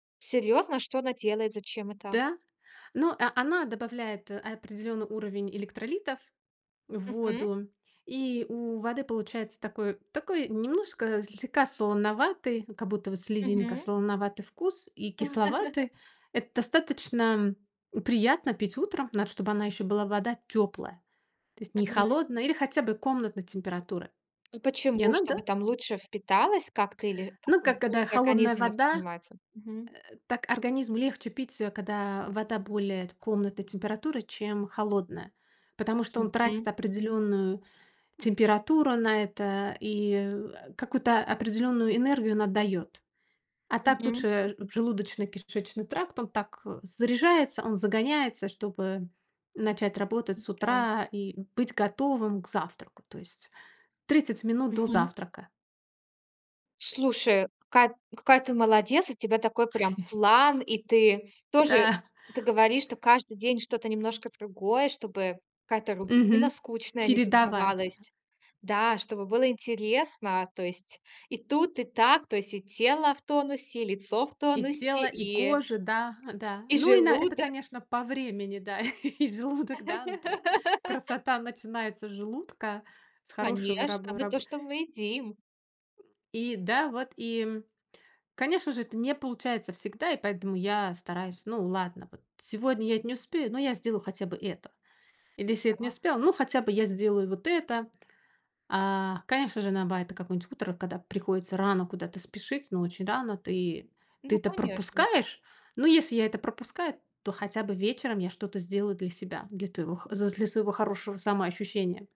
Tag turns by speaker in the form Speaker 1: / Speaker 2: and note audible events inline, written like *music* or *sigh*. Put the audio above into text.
Speaker 1: Серьезно, что она делает? Зачем это?
Speaker 2: Да? Но, а, она добавляет определённый уровень электролитов в
Speaker 1: Мгм.
Speaker 2: воду, и у воды получается такой такой немножко слегка солоноватый, как будто вот слезинка,
Speaker 1: Мгм.
Speaker 2: солоноватый вкус и
Speaker 1: *laughs*
Speaker 2: кисловатый. Это достаточно приятно пить утром, надо чтобы она ещё была вода тёплая, то есть не
Speaker 1: Мгм.
Speaker 2: холодная, или хотя бы комнатной температуры.
Speaker 1: Ну
Speaker 2: И
Speaker 1: почему?
Speaker 2: она,
Speaker 1: Чтобы
Speaker 2: да.
Speaker 1: там лучше впиталось как-то, или как
Speaker 2: Ну
Speaker 1: он
Speaker 2: как, когда
Speaker 1: лучше
Speaker 2: холодная
Speaker 1: организм
Speaker 2: вода,
Speaker 1: воспринимается? Мгм.
Speaker 2: э, так организму легче пить её, когда вода более т комнатной температуры, чем холодная, потому что он
Speaker 1: Мгм.
Speaker 2: тратит определённую температуру на это и, а, какую-то определённую энергию он отдаёт. А так
Speaker 1: Мгм.
Speaker 2: лучше, желудочно-кишечный тракт- он так заряжается, он загоняется, чтобы начать работать с
Speaker 1: М-да.
Speaker 2: утра и быть готовым к завтраку, то есть 30 минут до
Speaker 1: Мгм.
Speaker 2: завтрака.
Speaker 1: Слушай, какая какая ты молодец. У тебя такой прям
Speaker 2: *chuckles*
Speaker 1: план. И ты тоже
Speaker 2: Да.
Speaker 1: ты говоришь, что каждый день что-то немножко другое, чтобы какая-то рутина
Speaker 2: Мгм.
Speaker 1: скучная не
Speaker 2: Чередавать, да.
Speaker 1: создавалась. Да, чтобы было интересно. То есть и тут и так. То есть и тело в тонусе, и лицо в
Speaker 2: И
Speaker 1: тонусе,
Speaker 2: тело, и
Speaker 1: и
Speaker 2: кожа, да, да.
Speaker 1: и
Speaker 2: Ну и на это,
Speaker 1: желудок.
Speaker 2: конечно, по времени, да, *laughs* и желудок, да, ну, то есть,
Speaker 1: *laughs*
Speaker 2: красота начинается с желудка, с хорошего раб
Speaker 1: Конечно, мы то,
Speaker 2: раб
Speaker 1: что мы едим.
Speaker 2: и да, вот и, м, конечно же, это не получается всегда, и поэтому я стараюсь Ну, ладно, вот сегодня я не успею, но я сделаю хотя бы это. Или если эт не
Speaker 1: Да.
Speaker 2: успела- ну, хотя бы я сделаю вот это. А, конечно же на бай это какой-нибудь утро, когда приходится рано куда-то спешить, но очень рано, ты ты
Speaker 1: Ну
Speaker 2: это
Speaker 1: конечно, да.
Speaker 2: пропускаешь, но если я это пропускаю, то хотя бы вечером я что-то сделаю для себя, для твоего х з з для своего хорошего самоощущения.